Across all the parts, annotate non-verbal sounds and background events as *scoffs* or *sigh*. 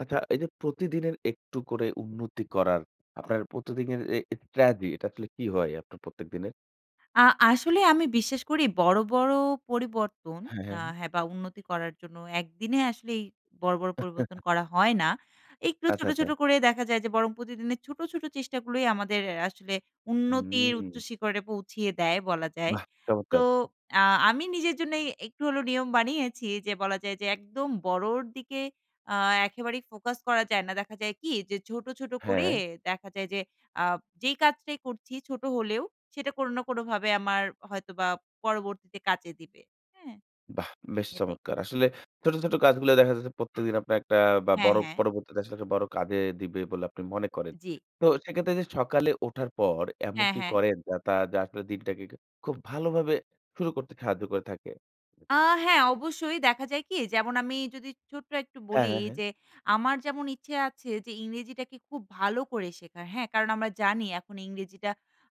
আচ্ছা এই যে প্রতিদিনের একটু করে উন্নতি করার আপনার প্রতিদিনের এ স্ট্রাটেজি দিয়ে আসলে কি হয় আপনার প্রত্যেক দিনের? আ আসলে আমি বিশ্বাস করি বড়, বড় পরিবর্তন হ্যাঁ, আ হ্যাঁ। হ্যাঁ বা উন্নতি করার জন্য একদিনে আসলেই বড়, বড় পরিবর্তন *chuckles* করা হয় না। একটু আচ্ছা, ছো্ট, ছোট আচ্ছা। করে দেখা যায় যে বরং প্রতিদিনের ছোট, ছোট চেষ্টা গুলোই আমাদের আসলে উন্নতির উচ্চ হুম। শিখরে পৌঁছিয়ে দেয় বলা যায়। বাহ! তো চমৎকার। আ আমি নিজের জন্যই একটু হলে নিয়ম বানিয়েছি যে বলা যায় যে একদম বড়র দিকে আ একেবারেই ফোকাস করা যায় না। দেখা যায় কি? যে ছোট, ছোট করে হ্যাঁ। দেখা যায় যে আ যেই কাজটাই করছি ছোট হলেও সেটা কোন না কোনভাবে আমার হয়তোবা পরবর্তীতে কাজে দিবে। হ্যাঁ? বাহ! বেশ এটাই। চমৎকার। আসলে ছোট, ছোট কাজগুলো দেখা যাচ্ছে প্রত্যেকদিন আপনার একটা বা হ্যাঁ, বড় হ্যাঁ। পরবর্তীতে আসলে একটা বড় কাজে দিবে বলে আপনি মনে করেন। জ্বি। তো সেক্ষেত্রে সে সকালে ওঠার পর এমন হ্যাঁ, কি হ্যাঁ। করেন? যাতে যে আসলে দিনটাকে একটু খুব ভালোভাবে শুরু করতে সাহায্য করে থাকে। আ হ্যাঁ অবশ্যই দেখা যায় কি? যেমন আমি যদি ছোট্ট একটু হ্যাঁ, বলি হ্যাঁ, হ্যাঁ। যে আমার যেমন ইচ্ছে আছে যে ইংরেজিটাকে খুব ভালো করে শেখার। হ্যাঁ? কারণ আমরা জানি এখন ইংরেজিটা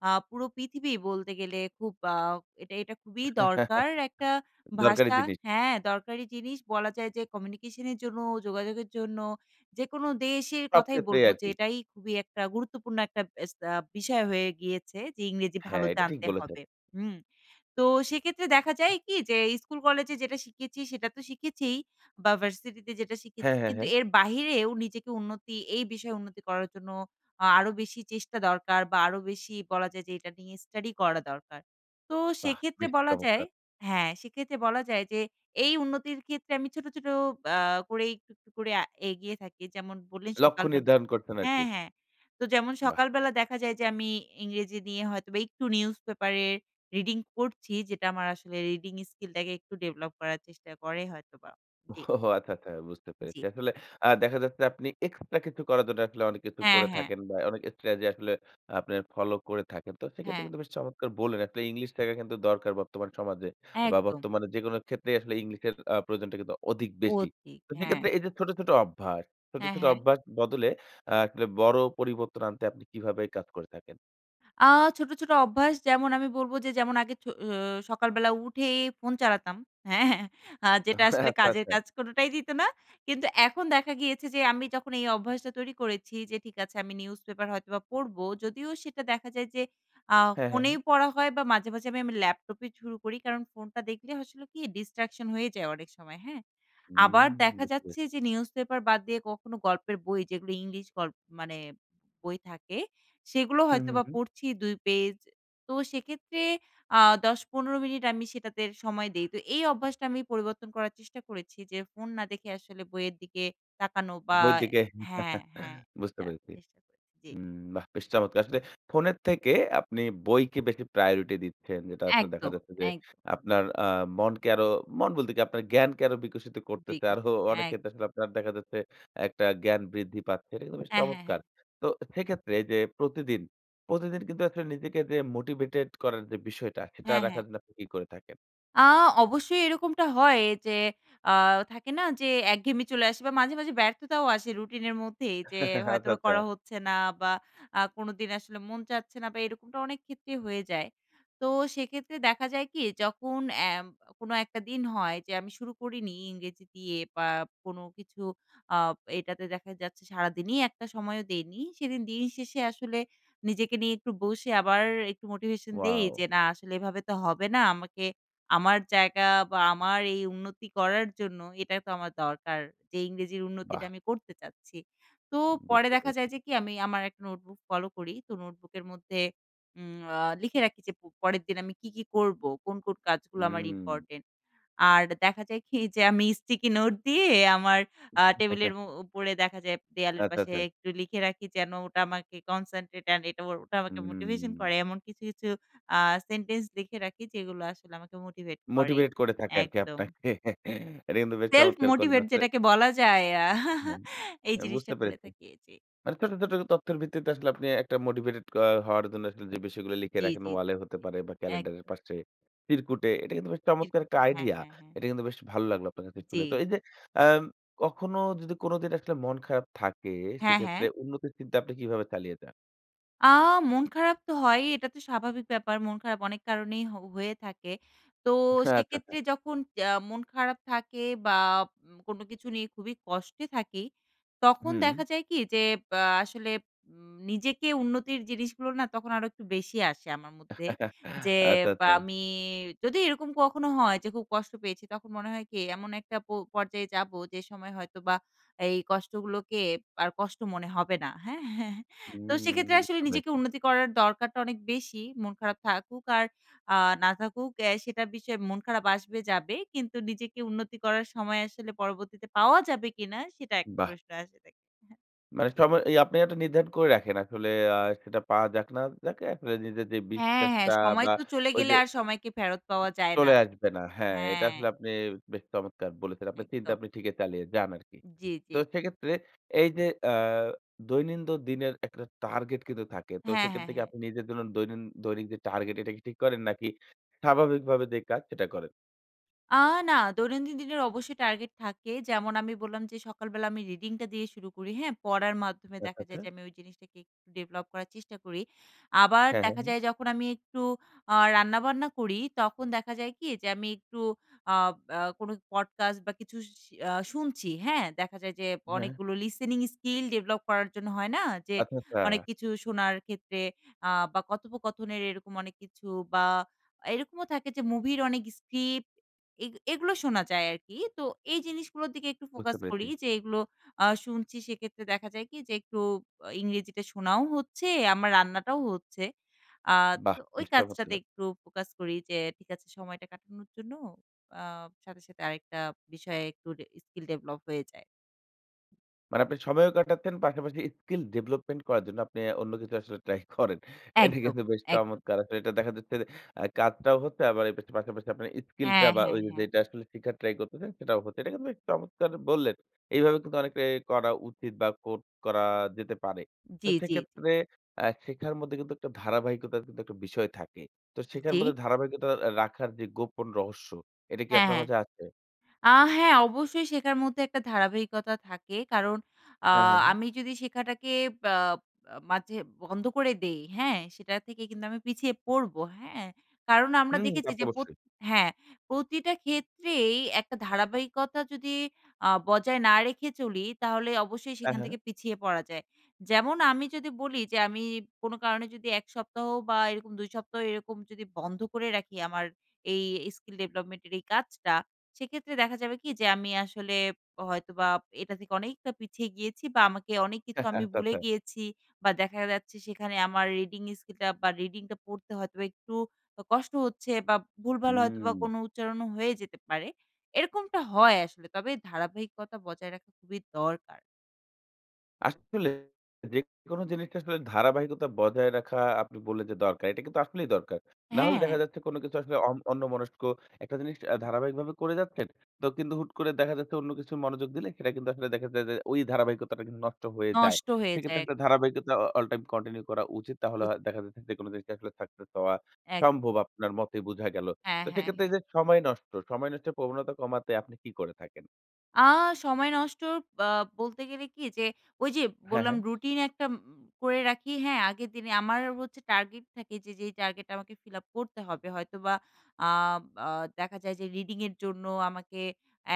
আ পুরো পৃথিবী বলতে গেলে খুব আ এটা, এটা খুবই *chuckles* দরকার একটা দরকারি ভাষা জিনিস। হ্যাঁ, দরকারি জিনিস বলা যায় যে কমিউনিকেশনের জন্য, যোগাযোগের জন্য, যেকোনো দেশের সব কথাই ক্ষেত্রেই বলবো যে আরকি। এটাই খুবই একটা গুরুত্বপূর্ণ একটা এস আ একটা বিষয় হয়ে গিয়েছে যে ইংরেজি ভালো হ্যাঁ। এটা ঠিক জানতে বলেছেন। হবে। হুম? তো সেক্ষেত্রে দেখা যায় কি? যে স্কুল কলেজে যেটা শিখেছি সেটা তো শিখেছিই বা ভার্সিটিতে যেটা শিখেছি হ্যাঁ, হ্যাঁ, কিন্তু হ্যাঁ। এর বাহিরেও নিজেকে উন্নতি এই বিষয়ে উন্নতি করার জন্য আ আরো বেশি চেষ্টা দরকার। বা আরো বেশি বলা যায় যে এটা নিয়ে স্টাডি করা দরকার। তো বাহ। সেক্ষেত্রে বেশ বলা যায় চমৎকার। হ্যাঁ সেক্ষেত্রে বলা যায় যে এই উন্নতির ক্ষেত্রে আমি ছোট, ছোট আ করেই একটু, একটু করে এগিয়ে থাকি। যেমন বললেন লক্ষ্য সকালবেলা নির্ধারণ করছেন আরকি। হ্যাঁ, হ্যাঁ। তো যেমন বাহ! সকালবেলা দেখা যায় যে আমি ইংরেজি নিয়ে হয়তোবা একটু নিউজ পেপার এর রিডিং পড়ছি। যেটা আমার আসলে রিডিং স্কিলটাকে একটু ডেভেলপ করার চেষ্টা করে হয়তোবা। জ্বি। ওহ আচ্ছা, আচ্ছা। বুঝতে জ্বি। পেরেছি। আসলে আ দেখা যাচ্ছে আপনি এক্সট্রা কিছু করার জন্য আসলে অনেক কিছু হ্যাঁ, করে হ্যাঁ। থাকেন। বা অনেক স্ট্র্যাটেজি যে আসলে আপনার ফলো করে থাকেন। তো সেক্ষেত্রে হ্যাঁ। কিন্তু বেশ চমৎকার বললেন আসলে ইংলিশ শেখা কিন্তু দরকার বর্তমানে সমাজে। বা একদম। বর্তমানে যেকোনো ক্ষেত্রেই আসলে ইংলিশের আ প্রয়োজনটা কিন্তু অধিক বেশি। অধিক, তো হ্যাঁ। সেক্ষেত্রে এই যে ছোট, ছোট অভ্যাস। ছোট, হ্যাঁ, ছোট হ্যাঁ। অভ্যাস বদলে আ আসলে বড় পরিবর্তন আনতে আপনি কিভাবে কাজ করে থাকেন? আ ছোট, ছোট অভ্যাস যেমন আমি বলব যে যেমন আগে ছো ও সকালবেলা উঠে ফোন চালাতাম হ্যাঁ, হ্যাঁ আ যেটা আসলে *chuckles* আচ্ছা, কাজের আচ্ছা। কাজ *chuckles* কোনোটাই দিত না কিন্তু এখন দেখা গিয়েছে যে আমি যখন এই অভ্যাসটা তৈরি করেছি যে ঠিক আছে আমি নিউজপেপার হয়তোবা পড়বো যদিও সেটা দেখা যায় যে আ হ্যাঁ, হ্যাঁ, হ্যাঁ। ফোনেই পড়া হয় বা মাঝে, মাঝে আমি আমি ল্যাপটপে শুরু করি কারণ ফোনটা দেখলে আসলে কি? distraction হয়ে যায় অনেক সময় হ্যাঁ? হুম, আবার দেখা বুজতে যাচ্ছে পারছি। যে নিউজ পেপার বাদ দিয়ে কখনো গল্পের বই যেগুলো ইংলিশ গল্প মানে বই থাকে সেগুলো হুম, হুম, হয়তোবা হুম। পড়ছি ২ পেজ। তো সেক্ষেত্রে আ ১০, ১৫ মিনিট আমি সেটাতে সময় দেই। তো এই অভ্যাসটা আমি পরিবর্তন করার চেষ্টা করেছি যে ফোন না দেখে আসলে বইয়ের দিকে তাকানো বা বই এর দিকে হ্যাঁ, হ্যাঁ *chuckles* বুঝতে এটা পেরেছি। চেষ্টা করেছি। জ্বি। হুম, বাহ বেশ চমৎকার! আসলে ফোনের থেকে আপনি বইকে বেশি প্রায়োরিটি দিচ্ছেন। যেটা আসলে দেখা একদম, যাচ্ছে যে এক আপনার আ মনকে আরও মন বলতে কি আপনার জ্ঞানকে আরো বিকশিত করতেছে। আরো বিকাশে অনেক এক ক্ষেত্রে আসলে আপনার দেখা যাচ্ছে একটা জ্ঞান বৃদ্ধি পাচ্ছে। এটা কিন্তু বেশ হ্যাঁ, হ্যাঁ, হ্যাঁ। চমৎকার। তো সেক্ষেত্রে যে প্রতিদিন, প্রতিদিন কিন্তু আসলে নিজেকে যে মোটিভেটেড করার যে বিষয়টা সেটা হ্যাঁ, হ্যাঁ। রাখার জন্য আপনি কী করে থাকেন? আ অবশ্যই এরকমটা হয় যে আ থাকে না? যে একঘেমি চলে আসে বা মাঝে, মাঝে ব্যর্থতাও আসে রুটিনের মধ্যেই যে *giggles* হয়তো আচ্ছা, আচ্ছা। করা হচ্ছে না বা আ কোনোদিন আসলে মন চাচ্ছে না বা এরকমটা অনেক ক্ষেত্রেই হয়ে যায়। তো সেইক্ষেত্রে দেখা যায় কি? যখন অ্যা কোন একটা দিন হয় যে আমি শুরু করিনি ইংরেজি দিয়ে বা কোনো কিছু আ এইটাতে দেখা যাচ্ছে সারাদিনই একটা সময়ও দেইনি। সেদিন দিনের শেষে আসলে নিজেকে নিয়ে একটু বসে আবার একটু মোটিভেশন দেই ওয়াও। যে না আসলে এভাবে তো হবে না। আমাকে আমার জায়গা বা আমার এই উন্নতি করার জন্য এটা তো আমার দরকার। যে ইংরেজির উন্নতিটা বাহ! আমি করতে চাচ্ছি। তো পরে বুঝতে দেখা যায় পেরেছি। যে কি? আমি আমার একটা নোটবুক ফলো করি। তো নোটবুকের মধ্যে উম আ লিখে রাখি যে প পরের দিন আমি কি, কি করবো? কোন, কোন কাজগুলা আমার হুম। ইম্পোর্টেন্ট? আর দেখা যায় কি? যে আমি স্টিকি নোট দিয়ে আমার আ টেবলের *giggles* উ উপরে দেখা যায় দেওয়ালের আচ্ছা, পাশে আচ্ছা। একটু লিখে রাখি যেন ওটা আমাকে concentrate and *unintelligible* ও ওটা আমাকে মোটিভেশন হুম। করে। এমন কিছু, কিছু আ সেন্টেন্স লিখে রাখি যেগুলো আসলে আমাকে মোটিভেট করে। মোটিভেট করে থাকে আরকি একদম। আপনাকে। *giggles* এটা কিন্তু বেশ চমৎকার করলেন self-motivate আসলে। যেটাকে বলা যায় *giggles* হ্যাঁ, এই এ জিনিসটা বুঝতে করে পেরেছি। থাকি। জি। মানে ছোট, ছোট তথ্যের ভিত্তিতে আসলে আপনি একটা মোটিভেটেড অ হওয়ার জন্য আসলে যে বিষয়গুলো লিখে জি, জি, রাখেন জি, ওয়ালে জি। হতে পারে বা ক্যালেন্ডারের একদম। পাশে, চিরকুটে এটা কিন্তু বেশ চমৎকার একটা চিরকুটে হ্যাঁ, আইডিয়া। হ্যাঁ, হ্যাঁ। এটা কিন্তু বেশ ভালো লাগলো আপনার কাছে শুনে। তো জি। এই যে আম কখনো যদি কোনদিন আসলে মন খারাপ থাকে হ্যাঁ, হ্যাঁ। সেইক্ষেত্রে উন্নতির চিন্তা আপনি কিভাবে চালিয়ে যান? আ মন খারাপ তো হয়ই এটা তো স্বাভাবিক ব্যাপার মন খারাপ অনেক কারণেই হ হয়ে থাকে। তো আচ্ছা, সেক্ষেত্রে আচ্ছা। যখন আ মন খারাপ থাকে বা ম কোনো কিছু নিয়ে খুবই কষ্টে থাকি তখন হুম। দেখা যায় কি? যে আ আসলে উম নিজেকে উন্নতির জিনিসগুলো না তখন আরো একটু বেশি আসে আমার মধ্যে। *chuckles* যে আচ্ছা, আ আচ্ছা। আমি যদি এরকম কখনো হয় যে খুব কষ্ট পেয়েছি। তখন মনে হয় কি? এমন একটা পো পর্যায়ে যাবো যে সময় হয়তোবা এই কষ্টগুলোকে আর কষ্ট মনে হবে না। হ্যাঁ? *chuckles* তো সেক্ষেত্রে হুম, আসলে বুঝতে নিজেকে পেরেছি। উন্নতি করার দরকারটা অনেক বেশি। মন খারাপ থাকুক আর আ না থাকুক অ্যা সেটার বিষয়ে মন খারাপ আসবে যাবে। কিন্তু নিজেকে উন্নতি করার সময় আসলে পরবর্তীতে পাওয়া যাবে কিনা? সেটা একটা *chuckles* বাহ! প্রশ্ন এসে থাকে। মানে জি। সময় ইয়া আপনি একটা নির্ধারণ করে রাখেন। আসলে আ সেটা পাওয়া যাক না যাক আসলে নিজের যে হ্যাঁ, হ্যাঁ বিশ্বাসটা সময় বা তো চলে গেলে ঐযে আর সময়কে ফেরত পাওয়া যায় না। চলে আসবে না। হ্যাঁ, এটা হ্যাঁ। আসলে আপনি বেশ চমৎকার বলেছেন। আপনার চিন্তা একদম। আপনি ঠিকই চালিয়ে যান আরকি। জি, তো জি। সেক্ষেত্রে এইযে আ দৈনন্দিন দিনের একটা টার্গেট কিন্তু থাকে। তো হ্যাঁ, হ্যাঁ, সেইক্ষেত্রে কি হ্যাঁ। আপনি নিজের জন্য দৈনিন দৈনিক যে টার্গেট এটা কি ঠিক করেন? নাকি স্বাভাবিকভাবে যে কাজ সেটা করেন? আ না দৈনন্দিন দিনের অবশ্যই টার্গেট থাকে যেমন আমি বললাম যে সকালবেলা আমি রিডিংটা দিয়ে শুরু করি হ্যাঁ? পড়ার মাধ্যমে আচ্ছা, দেখা যায় আচ্ছা। যে আমি ওই জিনিসটাকে একটু ডেভেলপ করার চেষ্টা করি। আবার হ্যাঁ, হ্যাঁ, দেখা হ্যাঁ। যায় যখন আমি একটু আ রান্নাবান্না করি তখন দেখা যায় কি? যে আমি একটু আ আ কোনো পডকাস্ট বা কিছু শি শুনছি হ্যাঁ? দেখা যায় যে হ্যাঁ। অনেকগুলো লিসিনিং স্কিল ডেভেলপ করার জন্য হয় না? যে আচ্ছা, আচ্ছা। অনেক কিছু শোনার ক্ষেত্রে আ বা কথোপকথনের এরকম অনেক কিছু বা এরকমও থাকে যে মুভির অনেক স্ক্রিপ্ট এগ এগুলো শোনা যায় আর কি। তো এই জিনিসগুলোর দিকে একটু বুঝতে ফোকাস করি পেরেছি। যে এগুলো আ শুনছি সেক্ষেত্রে দেখা যায় কি? যে একটু ইংরেজিতে শোনাও হচ্ছে আমার রান্নাটাও হচ্ছে। আ বাহ! তো ওই চেষ্টা করতে কাজটাতে হবে। একটু ফোকাস করি যে ঠিক আছে সময়টা কাটানোর জন্য আ সাথে, সাথে আরেকটা বিষয়ে একটু স্কিল ডেভেলপ হয়ে যায়। মানে আপনি সময়ও কাটাচ্ছেন। পাশাপাশি স্কিল ডেভেলপমেন্ট করার জন্য আপনি আ অন্য কিছু আসলে ট্রাই করেন। এটা একদম, কিন্তু বেশ একদম। চমৎকার। আসলে এটা দেখা যাচ্ছে যে আ কাজটাও হচ্ছে আবার এর পাশাপাশি আপনার স্কিল টা হ্যাঁ, বা হ্যাঁ, ওইযে হ্যাঁ। যেটা আসলে শেখার ট্রাই করতেছেন সেটাও হচ্ছে। এটা কিন্তু এক চমৎকার বললেন। এইভাবে কিন্তু অনেকটাই করা উচিত বা কর করা যেতে পারে। তো জি, জি, জি। সেক্ষেত্রে আ শেখার মধ্যে কিন্তু একটা ধারাবাহিকতার কিন্তু একটা বিষয় থাকে। তো শেখার জি। মধ্যে ধারাবাহিকতা আ রাখার যে গোপন রহস্য এটা কি হ্যাঁ, আপনার হ্যাঁ। মাঝে আছে? আ হ্যাঁ অবশ্যই শেখার মধ্যে একটা ধারাবাহিকতা থাকে কারণ আ হ্যাঁ, হ্যাঁ, হ্যাঁ। আমি যদি শেখাটাকে আ মাঝে বন্ধ করে দেই হ্যাঁ? সেটা থেকে কিন্তু আমি পিছিয়ে পড়বো, হ্যাঁ? কারণ আমরা হুম দেখেছি তাতো যে প্র অবশ্যই। হ্যাঁ প্রতিটা ক্ষেত্রেই একটা ধারাবাহিকতা যদি আ বজায় না রেখে চলি তাহলে অবশ্যই হ্যাঁ, সেখান হ্যাঁ। থেকে পিছিয়ে পড়া যায়। যেমন আমি যদি বলি যে আমি কোনো কারণে যদি ১ সপ্তাহ বা এরকম ২ সপ্তাহ এরকম যদি বন্ধ করে রাখি আমার এই স্কিল ডেভেলপমেন্টের এই কাজটা, সেক্ষেত্রে দেখা যাবে কি যে আমি আসলে হয়তোবা এটা থেকে অনেকটা পিছিয়ে গিয়েছি বা আমাকে অনেক কিছু *chuckles* আমি আচ্ছা, ভুলে আচ্ছা। গিয়েছি বা দেখা যাচ্ছে সেখানে আমার রিডিং স্কিলটা বা রিডিংটা পড়তে হয়তোবা একটু আ কষ্ট হচ্ছে বা ভুলভাল হয়তোবা হুম। কোনো উচ্চারণও হয়ে যেতে পারে। এরকমটা হয় আসলে তবে ধারাবাহিকতা বজায় রাখা খুবই দরকার। আসলে যেকোনো জিনিসটা আসলে ধারাবাহিকতা বজায় রাখা আপনি বললেন যে দরকার। এটা কিন্তু আসলেই দরকার। নাহলে দেখা হ্যাঁ। যাচ্ছে কোন কিছু আসলে অন অন্যমনস্ক একটা জিনিস ধারাবাহিকভাবে করে যাচ্ছেন। তো কিন্তু হুট করে দেখা যাচ্ছে অন্য কিছু মনোযোগ দিলে সেটা কিন্তু আসলে দেখা যায় যে ওই ধারাবাহিকতাটা কিন্তু নষ্ট হয়ে যায়। নষ্ট হয়ে সে ক্ষেত্রে যায়। একটা ধারাবাহিকতা অ অল টাইম কন্টিনিউ করা উচিত। তাহলে উ হ দেখা যাচ্ছে যেকোন জিনিসে আসলে সাকসেস হওয়া এক সম্ভব আপনার মতে বুঝা গেলো। হ্যাঁ, তো হ্যাঁ, সেক্ষেত্রে হ্যাঁ। এইযে সময় নষ্ট। সময় নষ্টের প্রবণতা কমাতে আপনি কি করে থাকেন? আ সময় নষ্ট আ বলতে গেলে কি? যে ঐ যে হ্যাঁ, বললাম হ্যাঁ। রুটিন একটা উম করে রাখি। হ্যাঁ? আগের দিনে আমার হচ্ছে টার্গেট থাকে যে যেই টার্গেট আমাকে ফিল আপ করতে হবে। হয়তোবা আ আ দেখা যায় যে রিডিং এর জন্য আমাকে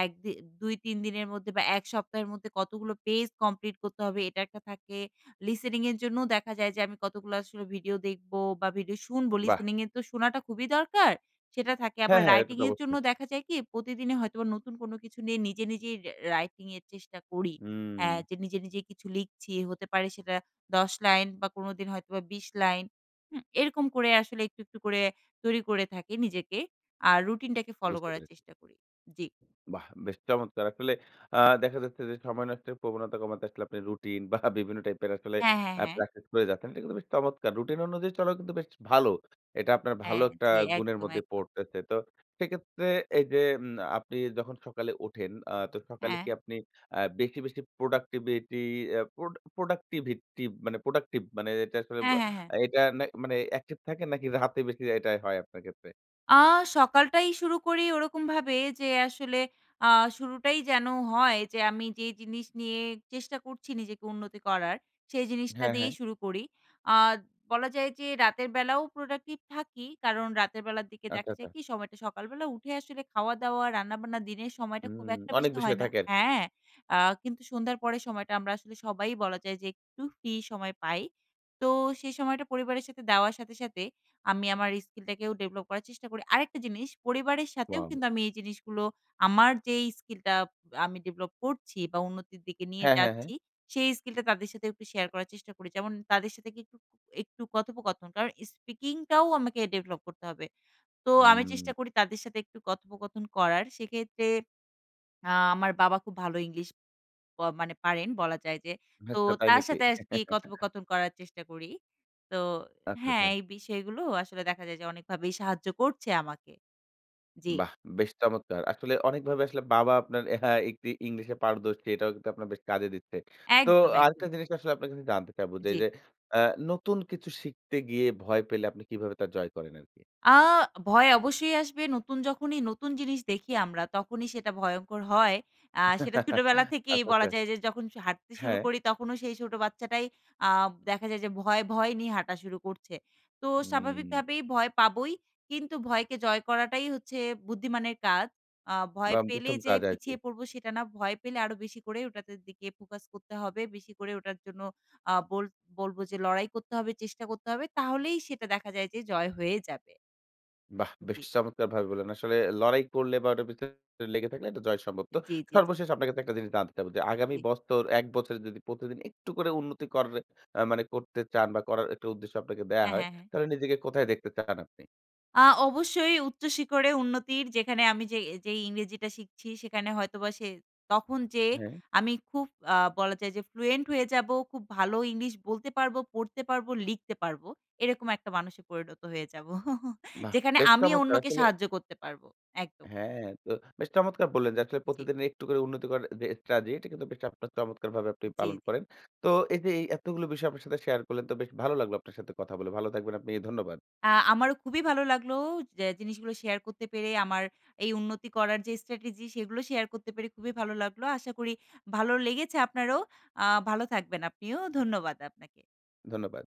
১ দি ২, ৩ দিনের মধ্যে বা ১ সপ্তাহের মধ্যে কতগুলো পেজ কমপ্লিট করতে হবে, এটা একটা থাকে। লিস্টেনিং এর জন্যও দেখা যায় যে আমি কতগুলো আসলে ভিডিও দেখব? বা ভিডিও শুনবো? বাহ! লিসেনিং এ তো শোনাটা খুবই দরকার, সেটা থাকে। আবার হ্যাঁ, হ্যাঁ। এটা রাইটিং তো এর জন্য অবশ্যই। দেখা যায় কি? প্রতিদিনই হয়তোবা নতুন কোনো কিছু নিয়ে নিজে, নিজেই রা রাইটিং এর চেষ্টা করি। হা হুম। যে নিজে, নিজে কিছু লিখছি হতে পারে সেটা ১০ লাইন বা কোনোদিন হয়তোবা ২০ লাইন, হুম? এরকম করে আসলে একটু, একটু করে তৈরি করে থাকি নিজেকে। আর রুটিনটাকে ফলো বুঝতে করার পেরেছি। চেষ্টা করি। জি। বাহ! বেশ চমৎকার! আসলে আ দেখা যাচ্ছে যে সময় নষ্টের প্রবণতা কমাতে আসলে আপনি রুটিন *scoffs* বা বিভিন্ন টাইপের আ আসলে হ্যাঁ, হ্যাঁ, হ্যাঁ। প্র্যাকটিস করে যাচ্ছেন। এগুলো বেশ চমৎকার! রুটিন অনুযায়ী চলাও কিন্তু বেশ ভালো। এটা আপনার ভালো হ্যাঁ, একটা জ্বি। গুণের একদম, মধ্যে একদম। পড়তেছে। তো সেক্ষেত্রে এই যে উম আপনি যখন সকালে উঠেন আ তো সকালে কি হ্যাঁ। আপনি আ বেশি, বেশি প্রোডাক্টিভিটি অ্যা প্রোড প্রোডাক্টিভিটি মানে প্রোডাক্টিভ মানে এটা আসলে ব হ্যাঁ, হ্যাঁ, হ্যাঁ। এটা না মানে অ্যাকটিভ থাকেন? নাকি রাতে *chuckles* বেশি এটাই হয় আপনার ক্ষেত্রে? আ সকালটাই শুরু করি ওরকমভাবে যে আসলে আ শুরুটাই যেন হয় যে আমি যে জিনিস নিয়ে চেষ্টা করছি নিজেকে উন্নতি করার সেই জিনিসটা হ্যাঁ, দিয়েই হ্যাঁ। শুরু করি। আ বলা যায় যে রাতের বেলাও প্রোডাক্টিভ থাকি কারণ রাতের বেলার দিকে আচ্ছা, দেখা যায় আচ্ছা। কি? সময়টা সকালবেলা উঠে আসলে খাওয়াদাওয়া রান্নাবান্না দিনের সময়টা খুব হুম, একটা অনেক বেশি বিষয় হয় না থাকে আরকি। হ্যাঁ আ কিন্তু সন্ধ্যার পরের সময়টা আমরা আসলে সবাই বলা যায় যে একটু ফ্রি সময় পাই। তো সেই সময়টা পরিবারের সাথে দেওয়ার সাথে, সাথে আমি আমার স্কিলটাকেও ডেভেলপ করার চেষ্টা করি। আরেকটা জিনিস পরিবারের সাথেও ওয়াও। কিন্তু আমি এই জিনিসগুলো আমার যে স্কিলটা আমি ডেভেলপ করছি বা উন্নতির দিকে নিয়ে হ্যাঁ, হ্যাঁ, হ্যাঁ। যাচ্ছি সেই স্কিলটা তাদের সাথে একটু শেয়ার করার চেষ্টা করি। যেমন তাদের সাথে গিয়ে একটু, একটু কথোপকথন। কারণ স্পিকিং টাও আমাকে ডেভেলপ করতে হবে। তো আমি চেষ্টা হুম। করি তাদের সাথে একটু কথোপকথন করার। সেক্ষেত্রে আ আমার বাবা খুব ভালো ইংলিশ ব মানে পারেন বলা যায় যে। তো আচ্ছা তাই তার নাকি? সাথে আরকি কথোপকথন করার চেষ্টা করি। তো আচ্ছা, হ্যাঁ আচ্ছা। এই বিষয়গুলো আসলে দেখা যায় যে অনেকভাবেই সাহায্য করছে আমাকে। জি। বাহ! বেশ চমৎকার। আসলে অনেকভাবে আসলে বাবা আপনার *chuckles* একটি ইংলিশে পারদর্শী এটাও কিন্তু আপনার বেশ কাজে দিচ্ছে। তো একদম, একদম। আরেকটা জিনিস আসলে আপনার কাছে জানতে চাবো যে জি। এইযে আ নতুন কিছু শিখতে গিয়ে ভয় পেলে আপনি কিভাবে তার জয় করেন আরকি? আ ভয় অবশ্যই আসবে। নতুন যখনই নতুন জিনিস দেখি আমরা তখনই সেটা ভয়ংকর হয়। আ সেটা ছোটবেলা *chuckles* *giggles* থেকেই আচ্ছা, বলা আচ্ছা। যায় যে যখন স হাঁটতে শুরু হ্যাঁ। করি তখনও সেই ছোট বাচ্চাটাই আ দেখা যায় যে ভয়, ভয় নিয়ে হাঁটা শুরু করছে। তো হুম। স্বাভাবিকভাবেই ভয় পাবই। কিন্তু ভয়কে জয় করাটাই হচ্ছে বুদ্ধিমানের কাজ। আ ভয় আম পেলে প্রথম যে কাজ আর কি। পিছিয়ে পড়বো সেটা না। ভয় পেলে আরো বেশি করে ওটাতে দিকে ফোকাস করতে হবে। বেশি করে ওটার জন্য আ বলব বলব যে লড়াই করতে হবে, চেষ্টা করতে হবে। তাহলেই সেটা দেখা যায় যে জয় হয়ে যাবে। বাহ! বেশ জি। চমৎকারভাবে বললেন। আসলে লড়াই করলে বা ওটার পেছনে লেগে থাকলে এটা জয় সম্ভব। তো জি, জি, জি। সর্বশেষ আপনাকে তো একটা জিনিস জানতে চাবো যে আগামী জি। বছর ১ বছর যদি প্রতিদিন একটু করে উন্নতি করে মানে করতে চান বা করার একটা উদ্দেশ্য আপনাকে দেয়া হ্যাঁ, হয় হ্যাঁ, হ্যাঁ। তাহলে নিজেকে কোথায় দেখতে চান আপনি? আ অবশ্যই উচ্চশিখরে উন্নতির যেখানে আমি যে যেই ইংরেজিটা শিখছি সেখানে হয়তোবা সে তখন যে হ্যাঁ। আমি খুব আ বলা যায় যে fluent হয়ে যাবো খুব ভালো ইংলিশ বলতে পারবো, পড়তে পারব, লিখতে পারবো এরকম একটা মানুষে পরিণত হয়ে যাবো *chuckles* বাহ! যেখানে বেশ আমি চমৎকার অন্যকে আসলে। সাহায্য করতে পারবো, একদম। হ্যাঁ, তো বেশ চমৎকার বললেন যে আসলে জি। প্রতিদিনের একটু করে উন্নতি করার যে strategy এটা কিন্তু আপনার চমৎকার চমৎকারভাবে আপনি জি, পালন জি। করেন। তো এই যে এতগুলো বিষয় আপনার সাথে শেয়ার করলেন তো বেশ ভালো লাগলো আপনার সাথে কথা বলে। ভালো থাকবেন আপনি ধন্যবাদ। আ আমারও খুবই ভালো লাগলো যে জিনিসগুলো শেয়ার করতে পেরে আমার এই উন্নতি করার যে strategy সেগুলো শেয়ার করতে পেরে খুবই ভালো লাগলো। আশা করি ভালো লেগেছে আপনারও। আ ভালো থাকবেন আপনিও। ধন্যবাদ আপনাকে। ধন্যবাদ।